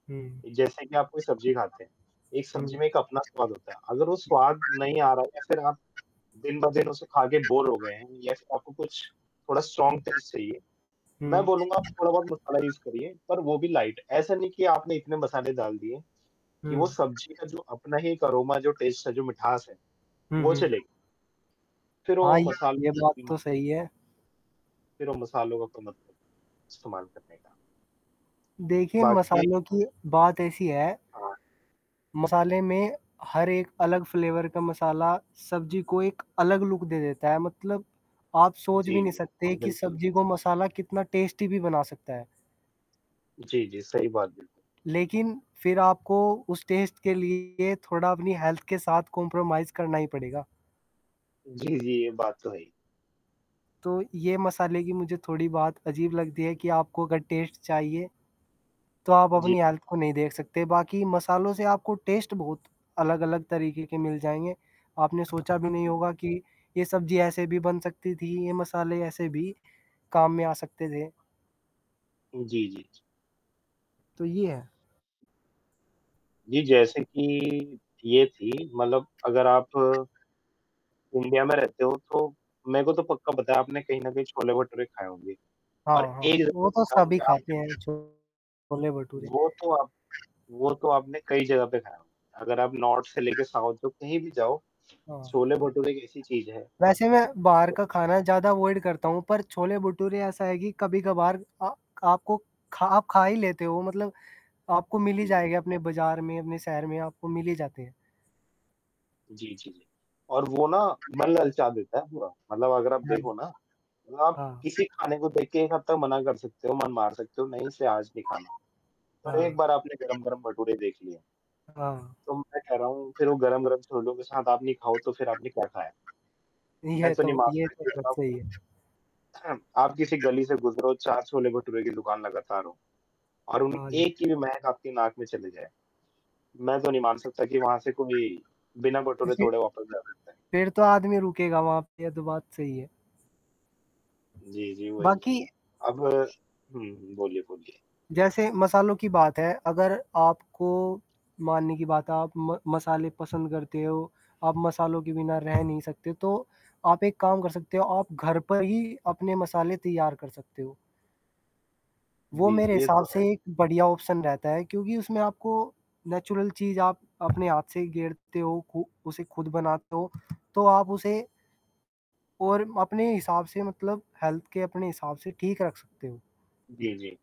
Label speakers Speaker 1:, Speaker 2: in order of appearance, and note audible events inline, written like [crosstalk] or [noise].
Speaker 1: हुँ।
Speaker 2: जैसे कि आप कोई सब्ज़ी खाते हैं, एक सब्ज़ी
Speaker 1: हुँ।
Speaker 2: में एक अपना स्वाद होता है, अगर वो स्वाद नहीं आ रहा है या
Speaker 1: [unintelligible]
Speaker 2: फिर आप दिन-ब-दिन उसे खाके बोर हो गए हैं या फ़िर आपको कुछ थोड़ा स्ट्रॉंग टेस्ट चाहिए,
Speaker 1: [unintelligible]
Speaker 2: मैं
Speaker 1: हुँ।
Speaker 2: बोलूँगा आपक थोड़ा-बहुत मसाला यूज़ करिए पर वो भी लाइट, ऐसा नहीं कि आपने इतने मसाले डाल दिए कि वो
Speaker 1: हुँ।
Speaker 2: सब्ज़ी का जो अपना ही एक अरोमा, जो टेस्ट था, जो मिठास है,
Speaker 1: हुँ,
Speaker 2: वो
Speaker 1: हुँ।
Speaker 2: चले फ़िर
Speaker 1: हाँ,
Speaker 2: वो
Speaker 1: ये
Speaker 2: मसाल
Speaker 1: ये बात
Speaker 2: जी, हाँ।
Speaker 1: तो सही है।
Speaker 2: फिर वो मसालों का कोई मत नहीं इस्तेमाल करने का।
Speaker 1: देखिए,
Speaker 2: बाकी
Speaker 1: मसालों की बात ऐसी है
Speaker 2: हाँ।
Speaker 1: मसाले में हर एक अलग फ्लेवर का मसाला सब्ज़ी को एक अलग लुक दे देता है, मतलब आप सोच भी
Speaker 2: जी,
Speaker 1: नहीं
Speaker 2: जी।
Speaker 1: सकते
Speaker 2: हाँ,
Speaker 1: कि
Speaker 2: बिल्कुल।
Speaker 1: सब्जी को मसाला कितना टेस्टी भी बना सकता है।
Speaker 2: जी, जी। सही बात बिल्कुल।
Speaker 1: लेकिन फ़िर आपको उस टेस्ट के लिए थोड़ा अपनी हेल्थ के साथ कॉम्प्रोमाइज़ करना ही पड़ेगा।
Speaker 2: जी, जी। ये बात तो है ही।
Speaker 1: तो ये मसाले की मुझे थोड़ी बात अजीब लगती है कि आपको अगर टेस्ट चाहिए तो आप
Speaker 2: जी।
Speaker 1: अपनी हेल्थ को नहीं देख सकते, बाकी मसालों से आपको टेस्ट बहुत अलग-अलग तरीक़े के मिल जाएँगे, आपने सोचा भी नहीं
Speaker 2: जी।
Speaker 1: होगा कि ये सब्ज़ी ऐसे भी बन सकती थी, ये मसाले ऐसे भी काम में आ सकते थे।
Speaker 2: जी, जी, जी।
Speaker 1: तो ये है।
Speaker 2: जी, जैसे कि ये थी मतलब अगर आप इंडिया में रहते हो तो मेरे को तो पक्का पता है आपने कहीं न कहीं छोले भटूरे खाए होंगे और
Speaker 1: हाँ, हाँ।
Speaker 2: एक
Speaker 1: वो तो सभी खाते
Speaker 2: [unintelligible]
Speaker 1: हैं, छोले भटूरे।
Speaker 2: वो तो आप वो तो आपने कई जगह पे खाया होगा, अगर आप नॉर्थ से लेके साउथ में, कहीं भी जाओ,
Speaker 1: हाँ।
Speaker 2: छोले-भटूरे एक ऐसी चीज़ है
Speaker 1: वैसे मैं बाहर का खाना ज़्यादा अवॉइड करता हूँ, पर छोले-भटूरे ऐसा है कि कभी-कभार अ, आपको खा आप खा ही लेते हो, मतलब आपको मिल ही
Speaker 2: जी, जी।
Speaker 1: जाएगा अपने बज़ार में, अपने शहर में आपको मिल ही जाते हैं।
Speaker 2: जी, जी, जी। और वो ना
Speaker 1: तो फ़िर
Speaker 2: मन ललचा देता है पूरा, मतलब अगर आप
Speaker 1: हाँ, जी।
Speaker 2: देखो ना आप
Speaker 1: हाँ।
Speaker 2: किसी खाने को देख के एक हद तक मना कर सकते हो, मन मार सकते हो, नहीं इसे आज नहीं खाना,
Speaker 1: [unintelligible]
Speaker 2: पर एक
Speaker 1: हाँ।
Speaker 2: बार आपने गरम-गरम भटूरे देख लिये
Speaker 1: हाँ।
Speaker 2: तो मैं कह रहा हूँ फिर वो
Speaker 1: [unintelligible]
Speaker 2: गरम-गरम छोलों के साथ आप ये खाओ तो फिर आपने क्या खाया, मैं
Speaker 1: यह
Speaker 2: तो नहीं
Speaker 1: तो ये
Speaker 2: मानता
Speaker 1: तो
Speaker 2: कि
Speaker 1: बहुत
Speaker 2: अगर आप
Speaker 1: सही है।
Speaker 2: [clears throat] आप किसी गली से गुज़रो, 4 छोले भटूरे की दुकान लगातार हों और उन
Speaker 1: हाँ, जी।
Speaker 2: एक की भी महक आपकी नाक में चली जाए, मैं तो नहीं मान सकता कि वहाँ से
Speaker 1: [unintelligible]
Speaker 2: कोई बिना भटूरे
Speaker 1: देखिए
Speaker 2: तोड़े वापस जा सकता है।
Speaker 1: फ़िर तो आदमी रुकेगा वहाँ पे यह तो बात सही है।
Speaker 2: जी, जी। वही है,
Speaker 1: बाकी
Speaker 2: अब हुँ, हुँ। बोलिए, बोलिए।
Speaker 1: जैसे मसालों की बात है अगर आपको मानने की बात है आप म मसाले पसंद करते हो, आप मसालों के बिना रह नहीं सकते, तो आप एक काम कर सकते हो, आप घर पर ही अपने मसाले तैयार कर सकते हो। वो
Speaker 2: जी,
Speaker 1: मेरे
Speaker 2: ये
Speaker 1: हिसाब
Speaker 2: तो
Speaker 1: से
Speaker 2: है।
Speaker 1: एक बढ़िया ऑप्शन रहता है क्योंकि उसमें आपको नेचुरल चीज़ आप अपने हाथ से ही गेरते हो, उ उसे ख़ुद बनाते हो, तो आप उसे और अपने हिसाब से मतलब हेल्थ के अपने हिसाब से ठीक रख सकते हो।
Speaker 2: जी, जी।